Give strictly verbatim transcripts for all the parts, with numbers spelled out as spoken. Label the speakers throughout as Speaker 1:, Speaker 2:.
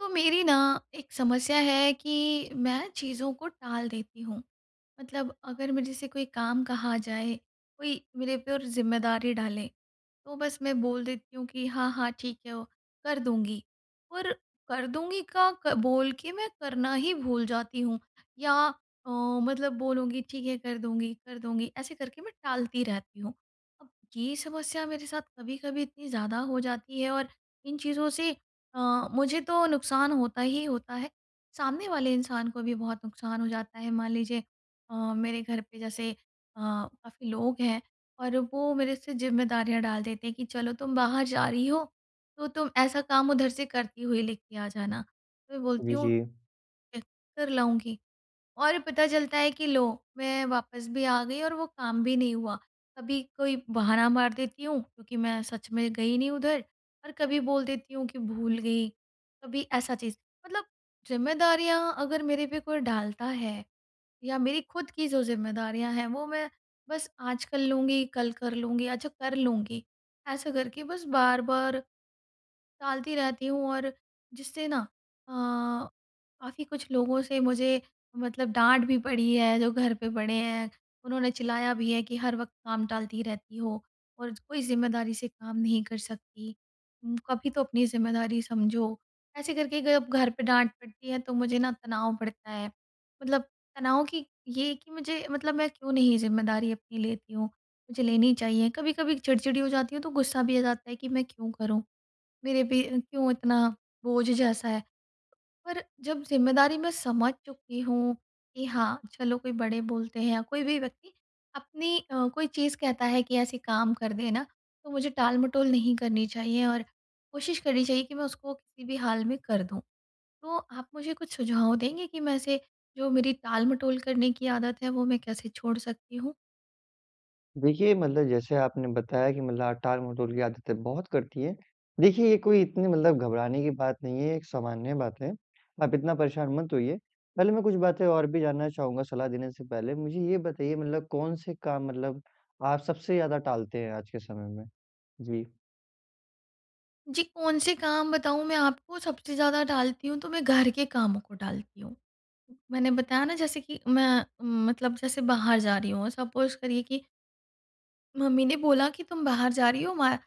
Speaker 1: वो मेरी ना एक समस्या है कि मैं चीज़ों को टाल देती हूँ। मतलब अगर मेरे से कोई काम कहा जाए, कोई मेरे पे और ज़िम्मेदारी डाले, तो बस मैं बोल देती हूँ कि, "हाँ, हाँ, ठीक है, वो कर दूँगी।" और “कर दूँगी” का क बोल के मैं करना ही भूल जाती हूँ। या अ, मतलब बोलूँगी, "ठीक है, कर दूँगी, कर दूँगी", ऐसे करके मैं टालती रहती हूँ। अब ये समस्या मेरे साथ कभी-कभी इतनी ज़्यादा हो जाती है और इन चीज़ों से अ, मुझे तो नुक़सान होता ही होता है, सामने वाले इंसान को भी बहुत नुक़सान हो जाता है। मान लीजिए अ, मेरे घर पे जैसे अ, काफ़ी लोग हैं और वो मेरे से ज़िम्मेदारियाँ डाल देते हैं कि, "चलो तुम बाहर जा रही हो तो, तुम ऐसा काम उधर से करती हुई ले के आ जाना"। तो मैं
Speaker 2: बि
Speaker 1: बोलती हूँ,
Speaker 2: जी।
Speaker 1: "कर लाऊँगी", और पता चलता है कि लो, मैं वापस भी आ गई और वो काम भी नहीं हुआ। कभी कोई बहाना मार देती हूँ क्योंकि मैं सच में गई नहीं उधर, और कभी बोल देती हूँ कि भूल गई। कभी ऐसा चीज़, मतलब ज़िम्मेदारियाँ अगर मेरे पे कोई डालता है या मेरी खुद की जो ज़िम्मेदारियाँ हैं, वो मैं बस “आज कर लूँगी, कल कर लूँगी, अच्छा कर लूँगी” ऐसा करके बस बार-बार टालती रहती हूँ, और जिससे ना अ, काफ़ी कुछ लोगों से मुझे मतलब डाँट भी पड़ी है। जो घर पे बड़े हैं, उन्होंने चिल्लाया भी है कि, "हर वक़्त काम टालती रहती हो, और कोई ज़िम्मेदारी से काम नहीं कर सकती अम, कभी तो अपनी ज़िम्मेदारी समझो।" ऐसे करके गयब घर पे डाँट पड़ती है तो मुझे ना तनाव पड़ता है। मतलब तनाव कि ये कि मुझे, मतलब, मैं क्यों नहीं ज़िम्मेदारी अपनी लेती हूँ, मुझे लेनी चाहिए। कभी-कभी चिड़चिड़ी हो जाती हूँ, तो गुस्सा भी आ जाता है कि मैं क्यों करूँ, मेरे पे क्यों इतना बोझ जैसा है। पर जब ज़िम्मेदारी मैं समझ चुकी हूँ कि हाँ, चलो, कोई बड़े बोलते हैं या कोई भी व्यक्ति अपनी अ, कोई चीज़ कहता है कि ऐसे काम कर देना, तो मुझे टाल-मटोल नहीं करनी चाहिए और कोशिश करनी चाहिए कि मैं उसको किसी भी हाल में कर दूँ। तो आप मुझे कुछ सुझाव देंगे कि मैं ऐसे, जो मेरी टाल-मटोल करने की आदत है, वो मैं कैसे छोड़ सकती हूँ।
Speaker 2: देखिए, मतलब जैसे आपने बताया कि मतलब आप टाल-मटोल की आदतें बहुत करती हैं। देखिए, ये कोई इतनी मतलब घबराने की बात नहीं है, एक सामान्य बात है, आप इतना परेशान मत होइए। पहले मैं कुछ बातें और भी जानना चाहूँगा सलाह देने से पहले। मुझे ये बताइए मतलब कौन से काम मतलब आप सबसे ज़्यादा टालते हैं आज के समय में। जी।
Speaker 1: जी, कौन से काम बताऊँ मैं आपको सबसे ज़्यादा टालती हूँ, तो मैं घर के कामों को टालती हूँ। मैंने बताया ना, जैसे कि मैं, मतलब, जैसे बाहर जा रही हूँ, सपोज़ करिए कि मम्मी ने बोला कि, "तुम बाहर जा रही हो, वा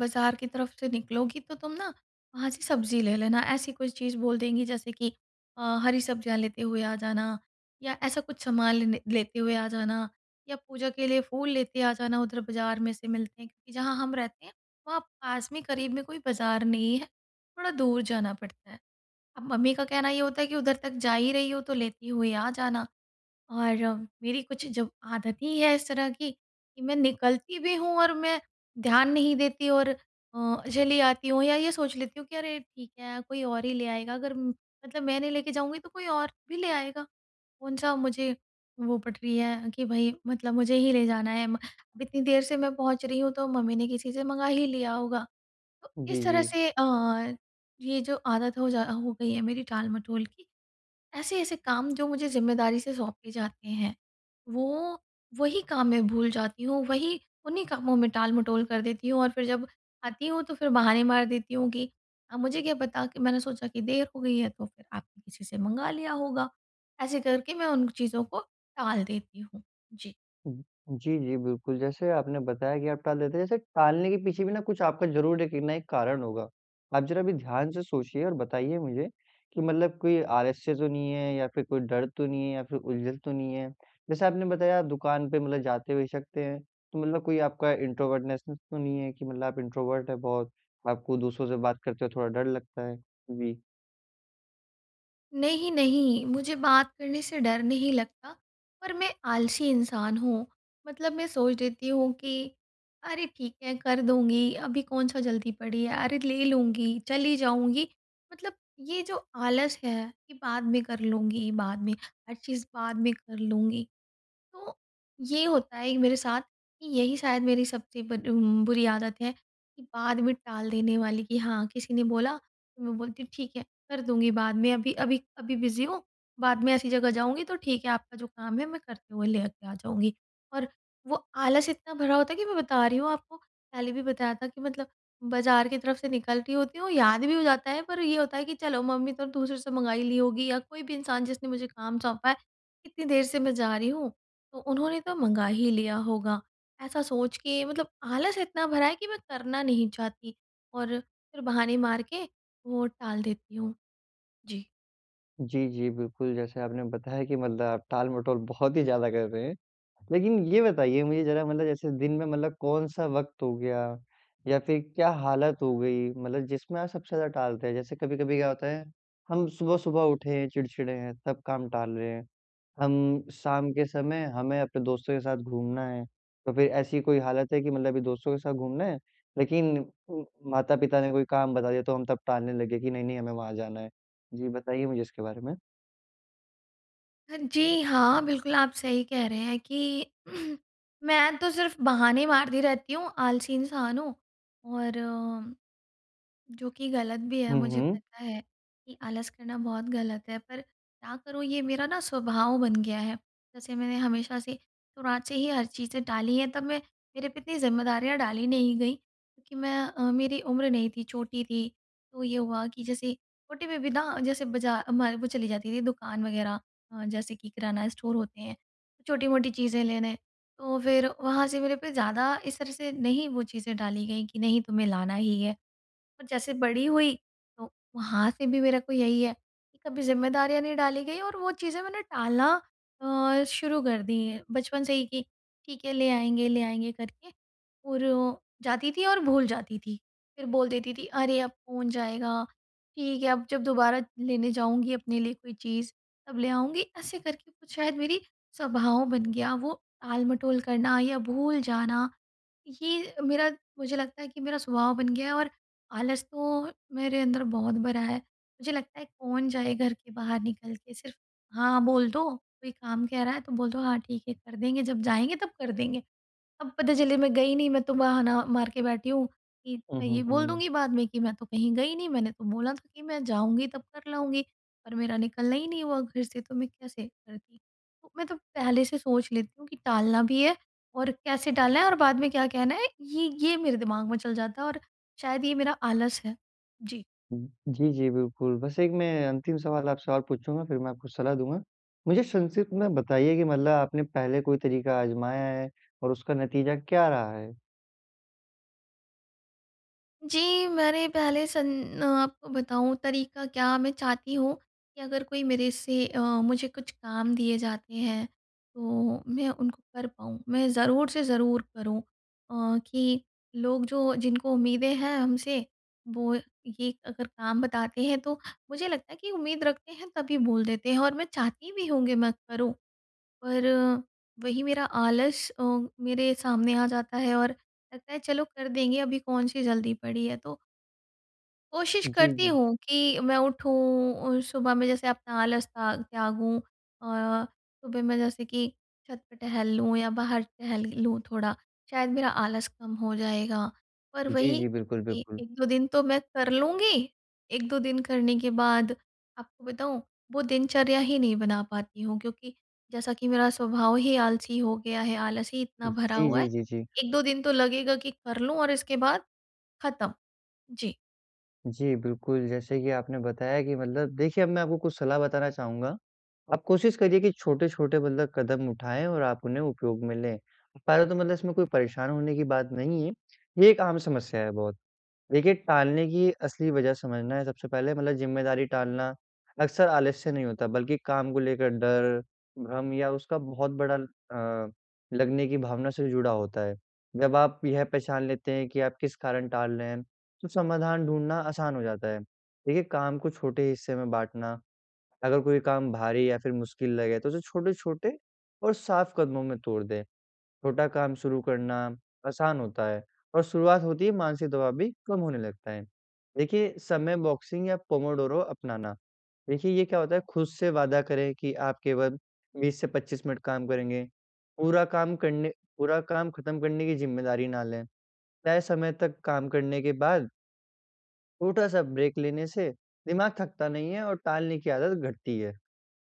Speaker 1: बाज़ार की तरफ़ से निकलोगी, तो तुम ना वहाँ से सब्ज़ी ले लेना", ऐसी कुछ चीज़ बोल देंगी, जैसे कि अ, हरी सब्ज़ियाँ लेते हुए आ जाना, या ऐसा कुछ सामान लेने लेते हुए आ जाना, या पूजा के लिए फूल लेते आ जाना, उधर बाज़ार में से मिलते हैं, क्योंकि जहाँ हम रहते हैं, वहाँ पास में, क़रीब में कोई बाज़ार नहीं है, थोड़ा दूर जाना पड़ता है। अब मम्मी का कहना ये होता है कि उधर तक जा ही रही हो, तो लेती हुई आ जाना। और मेरी कुछ जब आदत ही है इस तरह की कि मैं निकलती भी हूँ और मैं ध्यान नहीं देती, और अ, चली आती हूँ, या ये सोच लेती हूँ कि, "अरे ठीक है, कोई और ही ले आएगा। अगर म मतलब मैं नहीं लेके जाऊँगी, तो कोई और भी ले आएगा। कौन सा मुझे वो पट रही है कि भई मतलब मुझे ही ले जाना है। म अब इतनी देर से मैं पहुँच रही हूँ, तो मम्मी ने किसी से मँगा ही लिया होगा।" तो
Speaker 2: जी,
Speaker 1: इस तरह
Speaker 2: जी।
Speaker 1: से अ, ये जो आदत हो जा हो गई है मेरी टाल-मटोल की। ऐसे-ऐसे काम जो मुझे ज़िम्मेदारी से सौंपे जाते हैं, वो वही काम मैं भूल जाती हूँ, वही उन्हीं कामों में टाल-मटोल कर देती हूँ। और फिर जब आती हूँ, तो फिर बहाने मार देती हूँ कि, "अब मुझे क्या पता, कि मैंने सोचा कि देर हो गई है, तो फिर आपने किसी से मँगा लिया होगा।" ऐसे करके मैं उन चीज़ों को टाल देती हूँ। जी।
Speaker 2: हुँ। जी, जी, बिल्कुल। जैसे आपने बताया कि आप टाल देते हैं। जैसे टालने के पीछे भी ना कुछ आपका ज़रूर एक ना एक कारण होगा। आप ज़रा अभी ध्यान से सोचिए और बताइए मुझे कि मतलब कोई आलस्य तो नहीं है, या फिर कोई डर तो नहीं है, या फिर उलझन तो नहीं है। जैसे आपने बताया, आप दुकान पे मतलब जाते भी सकते हैं, तो मतलब कोई आपका इंट्रोवर्टनेसनेस तो नहीं है, कि मतलब आप इंट्रोवर्ट हैं बहुत, आपको दूसरों से बात करते हुए थोड़ा डर लगता है। जी।
Speaker 1: नहीं, नहीं, मुझे बात करने से डर नहीं लगता, पर मैं आलसी इंसान हूँ। मतलब मैं सोच लेती हूँ कि, "अरे ठीक है, कर दूँगी, अभी कौन-सा जल्दी पड़ी है, अरे, ले लूँगी, चली जाऊँगी"। मतलब ये जो आलस है कि बाद में कर लूँगी, बाद में, हर चीज़ बाद में कर लूँगी। तो ये होता है कि मेरे साथ कि यही शायद मेरी सबसे बर बुरी आदत है, कि बाद में टाल देने वाली, कि हाँ, किसी ने बोला तो मैं बोलती हूँ, "ठीक है, कर दूँगी बाद में। अभी अभी, अभी बिज़ी हूँ। बाद में ऐसी जगह जाऊँगी तो ठीक है, आपका जो काम है, मैं करते हुए ले के आ जाऊँगी।" और वो आलस इतना भरा होता है कि मैं बता रही हूँ आपको, पहले भी बताया था कि मतलब बाज़ार के तरफ़ से निकलती होती हूँ, याद भी हो जाता है। पर ये होता है कि, "चलो, मम्मी तो दूसरे से मँगा हीं ली होगी", या कोई भी इंसान जिसने मुझे काम सौंपा है, "इतनी देर से मैं जा रही हूँ, तो उन्होंने तो मँगा ही लिया होगा"। ऐसा सोच के मतलब आलस इतना भरा है कि मैं करना नहीं चाहती, और फिर बहाने मार के वो टाल देती हूँ। जी।
Speaker 2: जी, जी, बिल्कुल। जैसे आपने बताया कि मतलब टाल-मटोल बहुत ही ज़्यादा कर रहे हैं। लेकिन ये बताइए मुझे ज़रा, मतलब जैसे दिन में मतलब कौन-सा वक़्त हो गया, या फिर क्या हालत हो गई, मतलब जिसमें आप सबसे ज़्यादा टालते हैं? जैसे कभी-कभी क्या होता है, हम सुबह-सुबह उठे हैं, चिड़चिड़े हैं, सब काम टाल रहे हैं। हम शाम के समय, हमें अपने दोस्तों के साथ घूमना है, तो फिर ऐसी कोई हालत है कि मतलब अभी दोस्तों के साथ घूमना है, लेकिन म माता-पिता ने कोई काम बता दिया, तो हम तब टालने लगे कि नहीं-नहीं, हमें वहाँ जाना है। जी, बताइए मुझे इसके बारे में।
Speaker 1: जी, हाँ, बिल्कुल। आप सही कह रहे हैं कि, मैं तो सिर्फ़ बहाने मारती रहती हूँ, आलसी इंसान हूँ, और जो कि गलत भी है,
Speaker 2: हुँ,
Speaker 1: मुझे
Speaker 2: हुँ।
Speaker 1: पता है कि आलस करना बहुत गलत है, पर क्या करूँ, ये मेरा ना स्वभाव बन गया है। जैसे मैंने हमेशा से शुरुआत से ही हर चीज़ें टाली हैं, तब मै मेरे पे इतनी ज़िम्मेदारियाँ डाली नहीं गईं, क्योंकि मैं अ, मेरी उम्र नहीं थी, छोटी थी। तो ये हुआ कि जैसे छोटी बेबी ना, जैसे बाज़ा हमारे वो चली जाती थी, दुकान वग़ैरह अ, जैसे कि किराना स्टोर होते हैं, छोटी-मोटी चीज़ें लेने। तो फिर वहाँ से मेरे पे ज़्यादा इस तरह से नहीं वो चीज़ें डाली गईं कि, "नहीं, तुम्हें लाना ही है"। और जैसे बड़ी हुई, तो वहाँ से भी मेरे को यही है कि कभी ज़िम्मेदारियाँ नहीं डाली गईं, और वो चीज़ें मैंने टालना अ-शुरू कर दी बचपन से ही कि, "ठीक है, ले आएँगे, ले आएँगे" करके, और जाती थी, और भूल जाती थी। फिर बोल देती थी, "अरे अब कौन जाएगा, ठीक है, अब जब दोबारा लेने जाऊँगी अपने लिए कोई चीज़, तब ले आऊँगी"। ऐसे करके कुछ शायद मेरी स्वभाव बन गया, वो आल-मटोल करना या भूल जाना। ये मेरा मुझे लगता है कि मेरा स्वभाव बन गया है, और आलस तो मेरे अंदर बहुत भरा है। मुझे लगता है, कौन जाए घर के बाहर निकल के, सिर्फ़ हाँ बोल दो, कोई काम कह रहा है तो बोल दो, "हाँ ठीक है कर देंगे, जब जाएँगे तब कर देंगे"। अब पता चले मैं गई नहीं, मैं तो बहाना मार के बैठी हूँ कि
Speaker 2: हुँ,
Speaker 1: मैं ये
Speaker 2: हुँ,
Speaker 1: बोल
Speaker 2: हुँ।
Speaker 1: दूँगी बाद में कि, "मैं तो कहीं गई नहीं, मैंने तो बोला था कि मैं जाऊँगी तब कर लाऊँगी। पर मेरा निकलना ही नहीं हुआ घर से, तो मैं कैसे करती"। तो मैं तो पहले से सोच लेती हूँ कि टालना भी है, और कैसे टालना है, और बाद में क्या कहना है, ये ये मेरे दिमाग में चल जाता है। और शायद ये मेरा आलस है। जी।
Speaker 2: हुँ। जी, जी, बिल्कुल। बस एक मैं अंतिम सवाल आपसे और पूछूँगा, फिर मैं आपको सलाह दूँगा। मुझे संक्षिप्त में बताइए कि मतलब आपने पहले कोई तरीका आज़माया है, और उसका नतीजा क्या रहा है?
Speaker 1: जी, मैंने पहले सन आपको बताऊँ, तरीका क्या, मैं चाहती हूँ कि अगर कोई मेरे से अ, मुझे कुछ काम दिए जाते हैं, तो मैं उनको कर पाऊँ, मैं ज़रूर से ज़रूर करूँ। अ, कि लोग जो जिनको उम्मीदें हैं हमसे, वो ये अगर काम बताते हैं तो मुझे लगता है कि उम्मीद रखते हैं, तभी बोल देते हैं, और मैं चाहती भी हूँ कि मैं करूँ। पर वही मेरा आलस अ, मेरे सामने आ जाता है, और लगता है, चलो कर देंगे, अभी कौन सी जल्दी पड़ी है, तो कोशिश
Speaker 2: जी,
Speaker 1: करती
Speaker 2: जी।
Speaker 1: हूँ कि मैं उठूँ और सुबह में जैसे अपना आलस ता त्यागूँ अ, सुबह में जैसे कि छत पर टहल लूँ या बाहर टहल लूँ थोड़ा, शायद मेरा आलस कम हो जाएगा। पर
Speaker 2: जी,
Speaker 1: वही,
Speaker 2: जी। बिल्कुल,
Speaker 1: ए
Speaker 2: बिल्कुल।
Speaker 1: एक, दो दिन तो मैं कर लूँगी, एक दो दिन करने के बाद, आपको बताऊँ, वो दिनचर्या ही नहीं बना पाती हूँ, क्योंकि जैसा कि मेरा स्वभाव ही आलसी हो गया है, आलस ही इतना भरा
Speaker 2: जी,
Speaker 1: हुआ है।
Speaker 2: जी, जी, जी।
Speaker 1: एक दो दिन तो लगेगा कि कर लूँ, और इसके बाद ख़त्म। जी।
Speaker 2: जी, बिल्कुल। जैसे कि आपने बताया कि मतलब देखिए अब मैं आपको कुछ सलाह बताना चाहूँगा। आप कोशिश करिए कि छोटे-छोटे मतलब कदम उठाएँ और आप उन्हें उपयोग में लें। पहले तो मतलब इसमें कोई परेशान होने की बात नहीं है, ये एक आम समस्या है बहुत। देखिए, टालने की असली वजह समझना है सबसे पहले मतलब ज़िम्मेदारी टालना अक्सर आलस्य नहीं होता बल्कि काम को लेकर डर, भ्रम या उसका बहुत बड़ा अ, लगने की भावना से जुड़ा होता है। जब आप यह पहचान लेते हैं की आप किस कारण टाल रहे हैं, तो समाधान ढूँढना आसान हो जाता है। देखिए काम को छोटे हिस्से में बाँटना, अगर कोई काम भारी या फिर मुश्किल लगे, तो उसे छोटे-छोटे और साफ़ कदमों में तोड़ दे। छोटा काम शुरू करना आसान होता है और शुरुआत होते हीं मानसिक दबाव भी कम होने लगता है। देखिए समय बॉक्सिंग या पोमोडोरो अपनाना, देखिए ये क्या होता है खुद से वादा करें कि आप केवल बीस से पच्चीस मिनट काम करेंगे, पूरा काम करने पूरा काम ख़त्म करने की ज़िम्मेदारी ना लें। तय समय तक काम करने के बाद छोटा-सा ब्रेक लेने से दिमाग थकता नहीं है और टालने की आदत घटती है।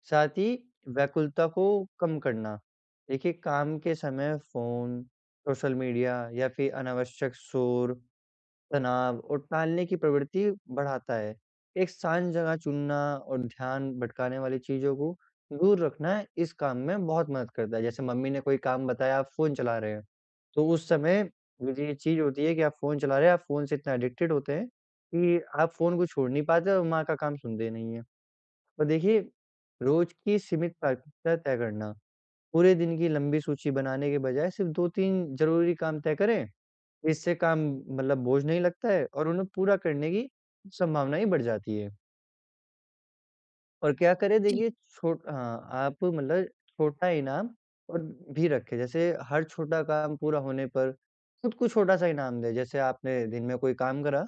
Speaker 2: साथ ही, व्याकुलता को कम करना। देखिए, काम के समय फ़ोन, सोशल मीडिया, या फिर अनावश्यक शोर, तनाव और टालने की प्रवृत्ति बढ़ाता है। एक शांत जगह चुनना और ध्यान भटकाने वाली चीज़ों को दूर रखना इस काम में बहुत मदद करता है। जैसे, मम्मी ने कोई काम बताया, आप फ़ोन चला रहे हैं, तो उस समय वो जो ये चीज़ होती है कि आप फ़ोन चला रहे हैं, आप फ़ोन से इतना एडिक्टेड होते हैं कि आप फ़ोन को छोड़ नहीं पाते और माँ का काम सुनते नहीं हैं। और देखिए, रोज़ की सीमित प्राथमिकता तय करना। पूरे दिन की लंबी सूची बनाने के बजाय सिर्फ दो तीन ज़रूरी काम तय करें। इससे काम, मतलब, बोझ नहीं लगता है और उन्हें पूरा करने की संभावना ही बढ़ जाती है। और क्या करें,
Speaker 1: जी।
Speaker 2: देखिए, छोट अ, आप मतलब छोटा इनाम और भी रखें। जैसे हर छोटा काम पूरा होने पर खुद को छोटा सा इनाम दें। जैसे आपने दिन में कोई काम करा,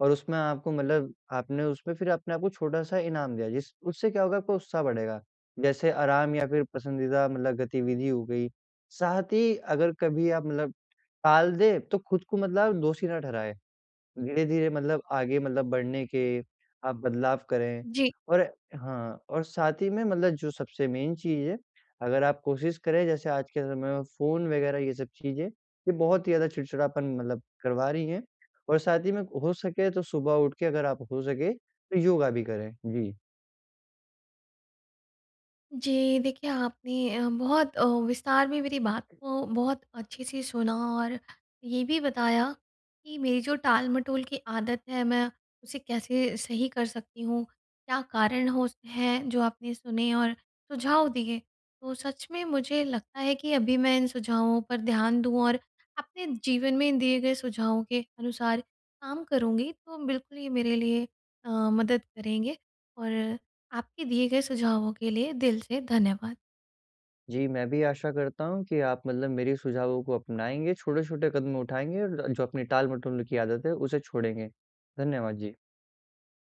Speaker 2: और उसमें आपको मतलब आपने उसमें फिर अपने आपको छोटा सा इनाम दिया, जिस उससे क्या होगा, आपको उत्साह बढ़ेगा, जैसे आराम, या फिर पसंदीदा मतलब गतिविधि हो गई। साथ ही, अगर कभी आप मतलब टाल दें, तो खुद को मतलब आप दोषी ना ठहराएँ। धीरे-धीरे, मतलब, आगे मतलब बढ़ने के आप बदलाव करें।
Speaker 1: जी।
Speaker 2: और हाँ, और साथ ही में, मतलब, जो सबसे मेन चीज़ है, अगर आप कोशिश करें, जैसे आज के समय में फ़ोन वग़ैरह, ये सब चीज़ें, ये बहुत ही ज़्यादा चिड़चिड़ापन, मतलब, करवा रही हैं। और साथ ही में, हो सके तो सुबह उठ के, अगर आप हो सके तो योगा भी करें। जी।
Speaker 1: जी, देखिए, आपने अ, बहुत विस्तार में मेरी बात को बहुत अच्छे से सुना, और ये भी बताया कि मेरी जो टाल-मटोल की आदत है, मैं उसे कैसे सही कर सकती हूँ, क्या कारण हो स हैं, जो आपने सुने और सुझाव दिए। तो सच में मुझे लगता है कि अभी मैं इन सुझावों पर ध्यान दूँ और अपने जीवन में इन दिए गए सुझावों के अनुसार काम करूँगी, तो बिल्कुल ये मेरे लिए अ, मदद करेंगे। और आपके दिए गए सुझावों के लिए, दिल से धन्यवाद।
Speaker 2: जी, मैं भी आशा करता हूँ कि आप, मतलब, मेरे सुझावों को अपनाएँगे, छोटे-छोटे कदम उठाएँगे, और जो अपनी टाल-मटोल की आदत है, उसे छोड़ेंगे। धन्यवाद। जी।